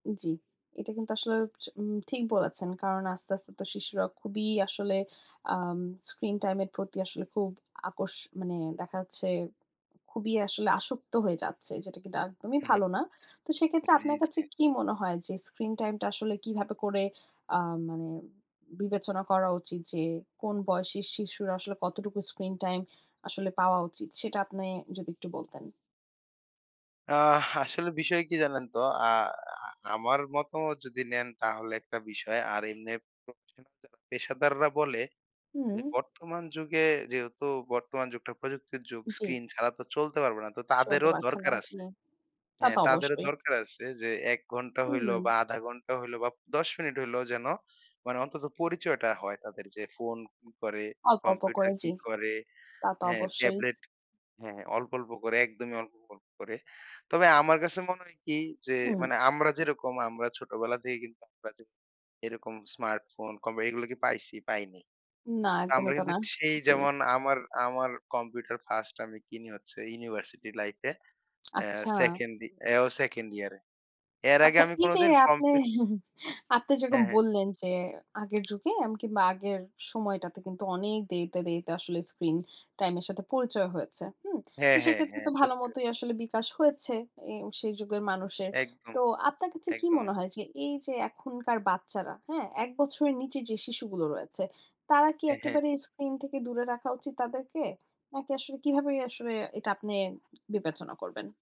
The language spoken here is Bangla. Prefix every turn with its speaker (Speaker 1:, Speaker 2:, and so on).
Speaker 1: জ্বী। এটা কিন্তু আসলেও চ ঠিক বলেছেন। কারণ আস্তে, আস্তে তো শিশুরা খুবই আসলে আম স্ক্রিন টাইম এর প্রতি আসলে খুব আসক্ত মানে দেখা যাচ্ছে, খুবই আসলে আসক্ত হয়ে যাচ্ছে, যেটা কিনা একদমই
Speaker 2: হু, হুম।
Speaker 1: ভালো না। তো সেক্ষেত্রে
Speaker 2: জি,
Speaker 1: আপনার কাছে
Speaker 2: জি।
Speaker 1: কি মনে হয় যে, স্ক্রিন টাইম টা আসলে কিভাবে করে, আ মানে বিবেচনা করা উচিত? যে, কোন বয়সী শিশু আসলে, কতটুকু স্ক্রিন টাইম আসলে পাওয়া উচিত সেটা আপনি যদি একটু বলতেন?
Speaker 2: অ্যা আসলে বিষয় কি জানেন তো? আ আ আমার মতামত যদি নেন, তাহলে ১ টা বিষয়। আর এমনি প্রফেশনাল যারা পেশাদাররা বলে যে,
Speaker 1: হুম।
Speaker 2: বর্তমান যুগে যেহেতু বর্তমান যুগটা প্রযুক্তির যুগ,
Speaker 1: জ্বী।
Speaker 2: স্ক্রিন ছাড়া তো চলতে পারবে না। তো
Speaker 1: চলতে
Speaker 2: তাদেরও
Speaker 1: পারছে
Speaker 2: দরকার আছে,
Speaker 1: না। তা
Speaker 2: হ্যাঁ?
Speaker 1: তো
Speaker 2: তাদেরও
Speaker 1: অবশ্যই।
Speaker 2: দরকার আছে যে, ১ ঘণ্টা হইলো
Speaker 1: হুম।
Speaker 2: বা আধা ঘন্টা হইলো বা ১০ মিনিট হইলো, যেন মানে অন্তত পরিচয়টা হয় তাদের। যে, ফোন কি করে,
Speaker 1: অল্প, অল্প
Speaker 2: কম্পিউটার
Speaker 1: করে,
Speaker 2: কি
Speaker 1: জি,
Speaker 2: করে,
Speaker 1: তা তো
Speaker 2: হ্যাঁ,
Speaker 1: অবশ্যই।
Speaker 2: ট্যাবলেট, হ্যাঁ, হ্যাঁ, অল্প, অল্প করে, একদমই অল্প, অল্প করে। তবে আমার কাছে মনে হয় কি? যে,
Speaker 1: হুম।
Speaker 2: মানে, আমরা যেরকম আমরা ছোটবেলা থেকে কিন্তু আমরা যে, এরকম স্মার্টফোন, কম্পি এগুলো কি পাইছি? পাইনি।
Speaker 1: না,
Speaker 2: আমরা
Speaker 1: একদমই তো
Speaker 2: কিন্তু
Speaker 1: না।
Speaker 2: সেই
Speaker 1: জি।
Speaker 2: যেমন, আমার, আমার কম্পিউটার ফার্স্ট আমি কিনি হচ্ছে, ইউনিভার্সিটি লাইফে, অ্যা
Speaker 1: আচ্ছা।
Speaker 2: সেকেন্ডে, এও সেকেন্ড ইয়ার এ। এর আগে
Speaker 1: আচ্ছা,
Speaker 2: আমি
Speaker 1: এই যে,
Speaker 2: কোনদিন
Speaker 1: আপনি,
Speaker 2: কম্পি
Speaker 1: আপনি
Speaker 2: হ্যাঁ,
Speaker 1: যেরকম
Speaker 2: হ্যাঁ।
Speaker 1: বললেন যে, আগের যুগে আম কিংবা আগের সময়টাতে কিন্তু অনেক দেরিতে, দেরিতে আসলে স্ক্রিন টাইম এর সাথে পরিচয় হয়েছে, হুম?
Speaker 2: হ্যাঁ,
Speaker 1: তো
Speaker 2: হ্যাঁ,
Speaker 1: সেক্ষেত্রে
Speaker 2: হ্যাঁ,
Speaker 1: তো
Speaker 2: সত্যি।
Speaker 1: ভালোমতোই আসলে বিকাশ হয়েছে এ সেই যুগের মানুষের।
Speaker 2: একদম,
Speaker 1: তো আপনার কাছে কি
Speaker 2: একদম।
Speaker 1: মনে হয় যে, এই যে, এখনকার বাচ্চারা, হ্যাঁ? ১ বছরের নিচে যে, শিশুগুলো রয়েছে, তারা কি
Speaker 2: হ্যাঁ, হ্যাঁ।
Speaker 1: একেবারে স্ক্রিন থেকে দূরে রাখা উচিত তাদেরকে? নাকি আসলে কিভাবেই আসলে এটা আপনি বিবেচনা করবেন?